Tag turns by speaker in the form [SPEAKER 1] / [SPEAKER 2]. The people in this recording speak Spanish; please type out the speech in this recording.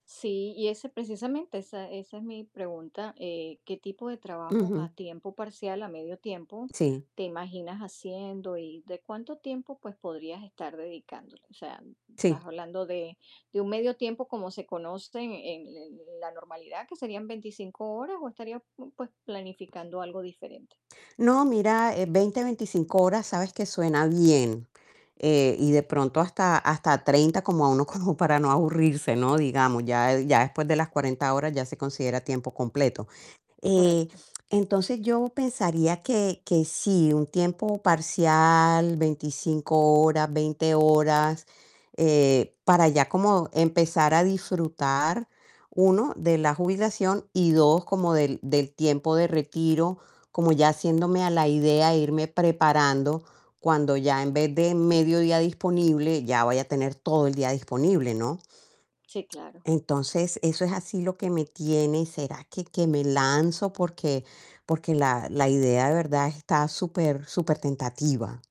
[SPEAKER 1] Sí, y ese precisamente, esa esa es mi pregunta, eh, ¿qué tipo de trabajo a
[SPEAKER 2] Ujú.
[SPEAKER 1] tiempo parcial, a medio tiempo,
[SPEAKER 2] Sí.
[SPEAKER 1] te imaginas haciendo y de cuánto tiempo, pues, podrías estar dedicándole? O sea, ¿estás
[SPEAKER 2] Sí.
[SPEAKER 1] hablando de de un medio tiempo como se conoce en en en la normalidad, que serían 25 horas o estarías, pues, planificando algo diferente?
[SPEAKER 2] No, mira, eh, 20, 25 horas sabes que suena bien. Eh, y de pronto hasta hasta 30 como a uno como para no aburrirse, ¿no?, digamos, ya, eh, ya después de las 40 horas ya se considera tiempo completo. Eh,
[SPEAKER 1] Correcto.
[SPEAKER 2] entonces yo pensaría que que sí, un tiempo parcial, 25 horas, 20 horas, eh, para ya como empezar a disfrutar, 1 de la jubilación y 2 como del del tiempo de retiro, como ya haciéndome a la idea, irme preparando cuando ya en vez de medio día disponible ya vaya a tener todo el día disponible, ¿no?
[SPEAKER 1] Sí, claro.
[SPEAKER 2] Entonces, eso es así lo que me tiene: "¿Será que que me lanzo?". Porque porque la la idea de verdad está super, supertentativa.